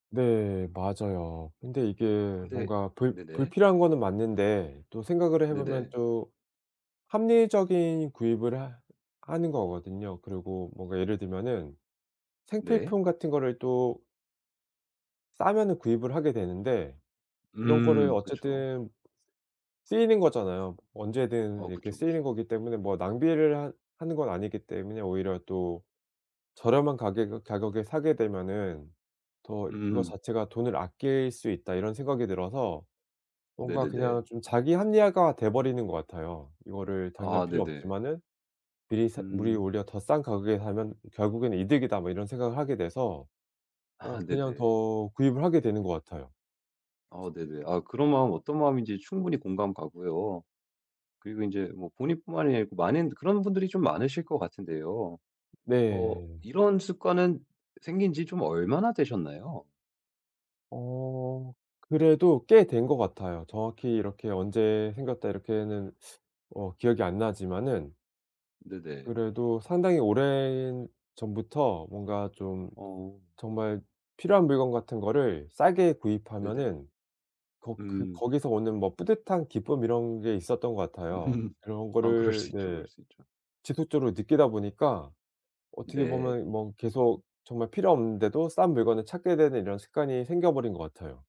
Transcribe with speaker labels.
Speaker 1: 네, 맞아요. 근데 이게
Speaker 2: 근데
Speaker 1: 뭔가 불
Speaker 2: 네네.
Speaker 1: 불필요한 거는 맞는데 또 생각을 해보면
Speaker 2: 네네.
Speaker 1: 또 합리적인 구입을 하 하는 거거든요. 그리고 뭔가 예를 들면은
Speaker 2: 네.
Speaker 1: 생필품 같은 거를 또 싸면은 구입을 하게 되는데, 이런 거를
Speaker 2: 음, 그쵸.
Speaker 1: 어쨌든 쓰이는 거잖아요. 언제든
Speaker 2: 어
Speaker 1: 이렇게
Speaker 2: 그쵸,
Speaker 1: 쓰이는
Speaker 2: 그쵸.
Speaker 1: 거기 때문에 뭐 낭비를 하 하는 건 아니기 때문에 오히려 또 저렴한 가격에 가격에 사게 되면은 더 그거
Speaker 2: 음.
Speaker 1: 자체가 '돈을 아낄 수 있다.' 이런 생각이 들어서 뭔가
Speaker 2: 네네네.
Speaker 1: 그냥 좀 자기 합리화가 돼버리는 것 같아요. 이거를 당장
Speaker 2: 아
Speaker 1: 필요
Speaker 2: 네네.
Speaker 1: 없지만은 미리 사 '물이
Speaker 2: 음.
Speaker 1: 오히려 더 싼 가격에 사면 결국엔 이득이다.' 뭐 이런 생각을 하게 돼서
Speaker 2: 아
Speaker 1: 어 그냥
Speaker 2: 네네.
Speaker 1: 더 구입을 하게 되는 것 같아요.
Speaker 2: 아 네네 아 그런 마음은 어떤 마음인지 충분히 공감 가고요. 그리고 인제 뭐 본인뿐만이 아니고 많은 그런 분들이 좀 많으실 것 같은데요. 어
Speaker 1: 네.
Speaker 2: 이런 습관은 생긴 지 좀 얼마나 되셨나요?
Speaker 1: 어 그래도 꽤 된 것 같아요. 정확히 이렇게 언제 생겼다 이렇게는 어 기억이 안 나지만은
Speaker 2: 네네.
Speaker 1: 그래도 상당히 오래전부터 뭔가 좀
Speaker 2: 어.
Speaker 1: 정말 필요한 물건 같은 거를 싸게
Speaker 2: 네네
Speaker 1: 구입하면은 걷 그
Speaker 2: 음.
Speaker 1: 거기서 오는 뭐 뿌듯한 기쁨 이런 게 있었던 것 같아요.
Speaker 2: 음.
Speaker 1: 그런
Speaker 2: 아 그럴 수
Speaker 1: 거를
Speaker 2: 있죠,
Speaker 1: 네
Speaker 2: 그럴 수 있죠.
Speaker 1: 지속적으로 느끼다 보니까 어떻게
Speaker 2: 네.
Speaker 1: 보면 뭐 계속 정말 필요 없는데도 싼 물건을 찾게 되는 이런 습관이 생겨버린 것 같아요.